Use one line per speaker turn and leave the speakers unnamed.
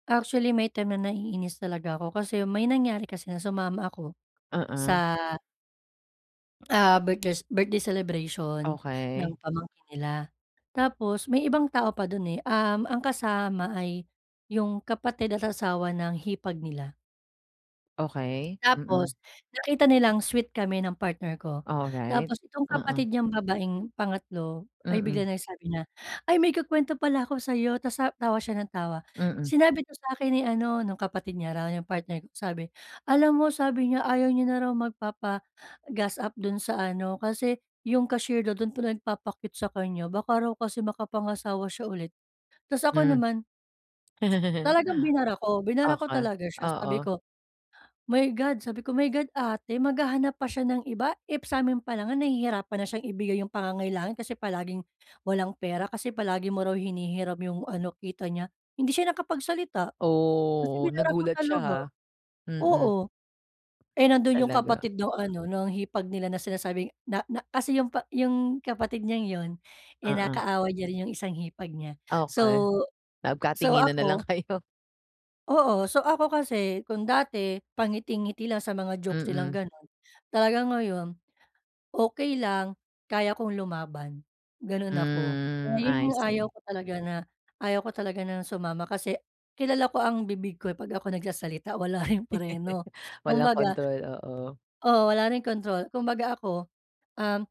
Actually, may time na naiinis talaga ako kasi may nangyari kasi na sumama ako,
Oo.
sa ah birthdes birthday celebration ng
Okey.
pamangkin nila. Tapos may ibang tao pa dun eh, um, ang kasama ay yung kapatid at asawa ng hipag nila.
Okey, mm.
Tapos, nakita nilang sweet kami ng partner ko.
Alright,
Tapos itong
oo.
kapatid niyang babaeng pangatlo ay bigla
Mm.
nag sabi na, "Ay may ikukwento pala ako sayo," tas sa tawa siya ng tawa.
Mm.
"Sinabi 'to sa'kin ni ano," nung kapatid niya raw yung partner ko. Sabi, "Alam mo, sabi niya, ayaw niya na raw magpapa-gas up dun sa ano, kasi, yung cashier dun, dun pa nagpapa-cute sa kanya baka raw kasi makapangasawa siya ulit". Tas ako
Hmm.
naman. Talagang binara ko, binara ko
Okey,
talaga siya sabi
oo.
ko, "My God" sabi ko, "My God ate, maghahanap pa siya ng iba, if sa'min pa lang nga nahihirapan na siyang ibigay yung pangangailangan kasi palaging, walang pera kasi palagi mo raw hinihiram yung ano kita niya." Hindi siya nakapagsalita, kasi
Oh,
binara ko
nagulat siya
talaga,
ha, mm.
oo. Eh, nandun yung
Talaga.
kapatid nung ano nung hipag nila na sinasabing na na kasi yung pa yung kapatid niyang yun eh,
Uh-uh.
nakaaway niya rin yung isang hipag niya.
Okey.
So so
Nagkatinginan na lang
ako
kayo.
Oo. So, ako kasi kung dati pangiti-ngiti lang sa mga jokes nilang
Mm.
ganun, talagang ngayon, okey lang kaya kong lumaban, ganon ako. Kaya
Hmm,
yun
I
yung ayaw
see.
ko talaga na, ayaw ko talaga na sumama kasi kilala ko ang bibig ko eh, 'pag ako nagsasalita wala ring preno.
Walang
Kumbaga
kontrol, oo.
oo, wala ring kontrol. Kumbaga, ako, um